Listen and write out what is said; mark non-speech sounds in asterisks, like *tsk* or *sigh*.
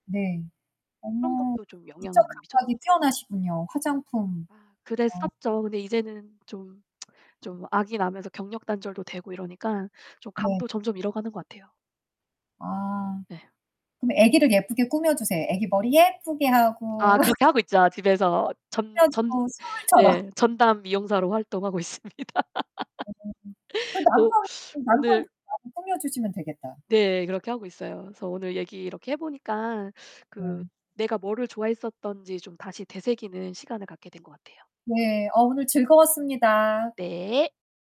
네. 그런 어머 것도 좀 영향을 미적 많이 미쳤던 감각이 것 같아요. 뛰어나시군요. 화장품. 아 어. 그랬었죠. 근데 이제는 좀, *tsk* 좀 아기 낳으면서 경력단절도 되고 이러니까 좀 네. 감도 점점 잃어가는 것 같아요. 아 네. 근데 아기를 예쁘게 꾸며 주세요. 아기 머리 예쁘게 아 하고 *laughs* 그렇게 하고 있죠, 집에서 *unintelligible* 전 전 가지고 숨을 쳐라. 예. 전담 미용사로 활동하고 있습니다. 음음음. 그 *laughs* 남편, 또 남편 오늘 *unintelligible* 챙겨 주시면 되겠다. 네, 그렇게 하고 있어요. 그래서 오늘 얘기 이렇게 해 보니까 그 네. 내가 뭐를 좋아했었던지 좀 다시 되새기는 시간을 갖게 된 것 같아요. 네, 어 오늘 즐거웠습니다. 네.